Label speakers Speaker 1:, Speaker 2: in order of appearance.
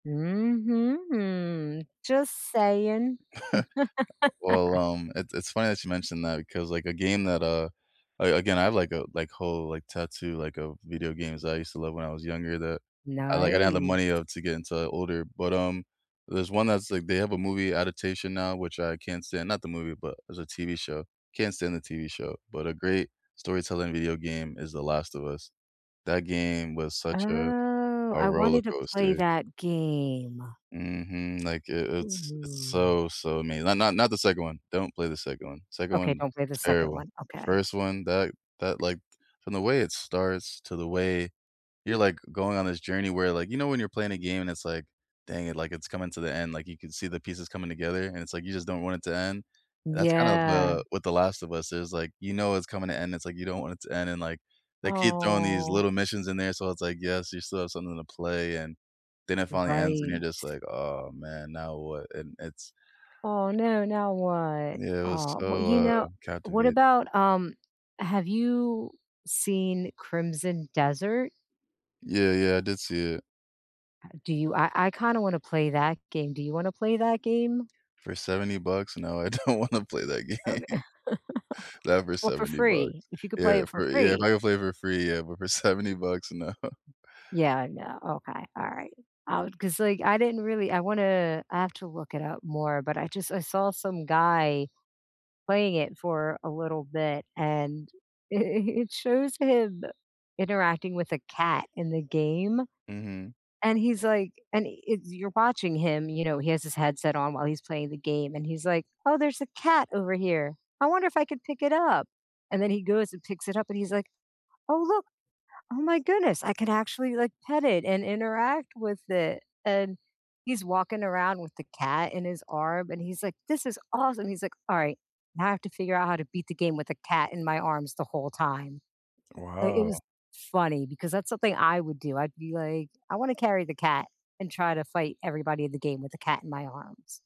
Speaker 1: Mhm. Just saying.
Speaker 2: Well, um, it's it's funny that you mentioned that because, like, a game that, uh, a again, I have, like, a like, whole, like, tattoo, like, of video games that I used to love when I was younger that I, like, I didn't have the
Speaker 1: Nice.
Speaker 2: money, uh, to get into older, but, um, there's one that's, like, they have a movie adaptation now, which I can't stand, not the movie, but it's a TV show, can't stand the TV show, but a great storytelling video game is The Last of Us. That game was such a
Speaker 1: Oh,
Speaker 2: a
Speaker 1: I
Speaker 2: roller
Speaker 1: wanted to play
Speaker 2: coaster.
Speaker 1: that game.
Speaker 2: Mhm, like it it's it's
Speaker 1: Ooh.
Speaker 2: so, so amazing, not not, not the 2nd one, don't play the 2nd one. 2nd
Speaker 1: Okay,
Speaker 2: one,
Speaker 1: don't play the 2nd
Speaker 2: terrible.
Speaker 1: one. Okay.
Speaker 2: First one that that, like, from the way it starts to the way you're, like, going on this journey where, like you know, when you're playing a game and it's, like, dang it, like, it's coming to the end, like, you can see the pieces coming together, and it's, like, you just don't want it to end. That's kinda
Speaker 1: Yeah.
Speaker 2: the what The Last of Us is, like, you know it's coming to end, it's, like, you don't want it to end, and like, they keep throwing these
Speaker 1: Oh.
Speaker 2: little missions in there, so it's, like, yes, you still have something to play and then it finally ends, and
Speaker 1: Right.
Speaker 2: you're just, like, "Aw, man, now what," and it's
Speaker 1: Oh no, now what?
Speaker 2: Yeah, it was
Speaker 1: Aw, well,
Speaker 2: so,
Speaker 1: you
Speaker 2: uh,
Speaker 1: know, what
Speaker 2: captivating.
Speaker 1: about, um, have you seen Crimson Desert?
Speaker 2: Yeah, yeah, I did see it.
Speaker 1: Uh, do you, I I kinda wanna play that game. Do you wanna play that game?
Speaker 2: For 70 bucks, no I don't wanna play that
Speaker 1: Okay
Speaker 2: game. Not for
Speaker 1: Well, for
Speaker 2: 70
Speaker 1: free,
Speaker 2: bucks.
Speaker 1: if you could play
Speaker 2: Yeah,
Speaker 1: it for
Speaker 2: for, yeah, if I
Speaker 1: free.
Speaker 2: could play it for free, yeah, but for 70 bucks, no
Speaker 1: Yeah, I know, okay, all right, I wa 'cause, like, I didn't really, I wanna I have to look it up more, but, I just I saw some guy playing it for a little bit and it it shows him interacting with a cat in the game,
Speaker 2: Mhm.
Speaker 1: and he's, like, and it's you're watching him, you know, he has his headset on while he's playing the game, and he's like, "Oh, there's a cat over here. I wonder if I could pick it up," and then he goes and picks it up and he's, like, "Oh look, oh, my goodness, I could actually, like, pet it and interact with it," and he's walking around with the cat in his arm, and he's, like, "This is awesome." He's, like, "All right, now I have to figure out how to beat the game with a cat in my arms the whole time." Like, it
Speaker 2: Wow.
Speaker 1: was funny because that's something I would do. I'd be, like, "I wanna carry the cat and try to fight everybody in the game with the cat in my arms."